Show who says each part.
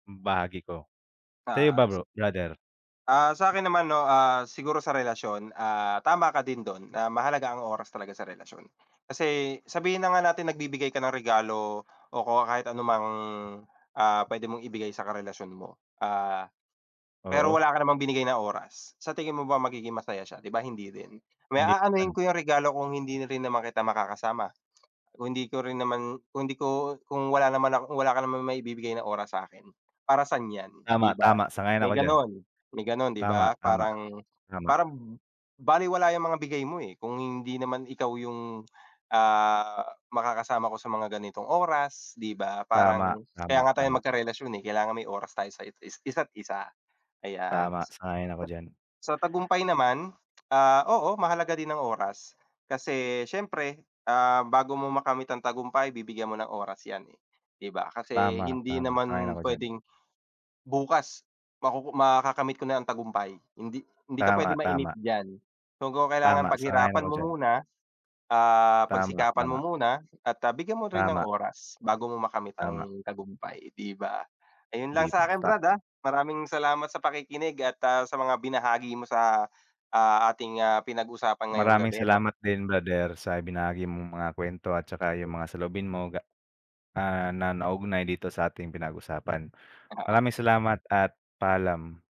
Speaker 1: Hmm, bahagi ko. Sa'yo
Speaker 2: Ah,
Speaker 1: ba bro
Speaker 2: se
Speaker 1: brother?
Speaker 2: Ah, sa'kin naman, 'no? Ah, siguro sa relasyon, ah, tama ka din do'n na mahalaga ang oras talaga sa relasyon. Kasi sabihin na nga natin nagbibigay ka ng regalo o ko kahit anumang, ah, pwede mong ibigay sa karelasyon mo. Ah, pero
Speaker 1: Oo.
Speaker 2: wala ka namang binigay na oras, sa tingin mo ba magiging masaya siya? 'Di ba, hindi rin. Me
Speaker 1: Hindi naman.
Speaker 2: aanuhin ko yang regalo kung hindi rin naman kita makakasama, kung hindi ko rin naman kung di ko kung wala naman ako wala ka naman maibibigay na oras sa'kin. Para san yan,
Speaker 1: Tama,
Speaker 2: 'di ba?
Speaker 1: tama sang-ayon
Speaker 2: May
Speaker 1: ako diyan.
Speaker 2: ganon, may ganon, 'di
Speaker 1: Tama,
Speaker 2: ba?
Speaker 1: tama.
Speaker 2: Parang
Speaker 1: Tama.
Speaker 2: parang balewala yang mga bigay mo, eh, kung hindi naman ikaw yung, ah, makakasama ko sa mga ganitong oras, 'di ba?
Speaker 1: Tama,
Speaker 2: Parang kaya
Speaker 1: tama,
Speaker 2: nga tayong
Speaker 1: tama.
Speaker 2: magkarelasyon, eh, kailangan may oras tayo sa it is isa't isa. Ayan.
Speaker 1: Tama,
Speaker 2: Huh.
Speaker 1: sang-ayon ako diyan.
Speaker 2: Sa tagumpay naman, ah, oo, mahalaga din ang oras. Kasi siyempre, ah, bago mo makamit ang tagumpay bibigyan mo ng oras yan, eh, 'di ba? Kasi
Speaker 1: Tama,
Speaker 2: hindi
Speaker 1: tama, sang-ayon
Speaker 2: naman
Speaker 1: ako diyan.
Speaker 2: pwedeng bukas makuku makakamit ko na ang tagumpay. Hindi hindi ka pwede
Speaker 1: Tama,
Speaker 2: mainip
Speaker 1: tama.
Speaker 2: diyan. So, kung kailangan
Speaker 1: Tama, sang-ayon
Speaker 2: paghirapan
Speaker 1: ako
Speaker 2: mo
Speaker 1: diyan.
Speaker 2: muna, ah,
Speaker 1: Tama,
Speaker 2: pagsikapan mo
Speaker 1: tama.
Speaker 2: muna at, ah, bigyan mo rin ng
Speaker 1: Tama.
Speaker 2: oras, bago mo makamit
Speaker 1: Tama.
Speaker 2: ang tagumpay, 'di ba? Ayun lang
Speaker 1: 'Di
Speaker 2: sakin
Speaker 1: bata
Speaker 2: brad, ah. Maraming salamat sa pakikinig at, ah, sa mga binahagi mo sa, ah, ating, ah, pinag-usapan ngayong
Speaker 1: Maraming
Speaker 2: gabi, 'no?
Speaker 1: salamat din brother sa ibinahagi mong mga kwento at tsaka
Speaker 2: Hmm.
Speaker 1: yung mga saloobin mo ga ah, na naugnay dito sa'ting pinag-usapan.
Speaker 2: Oo.
Speaker 1: Maraming salamat at paalam.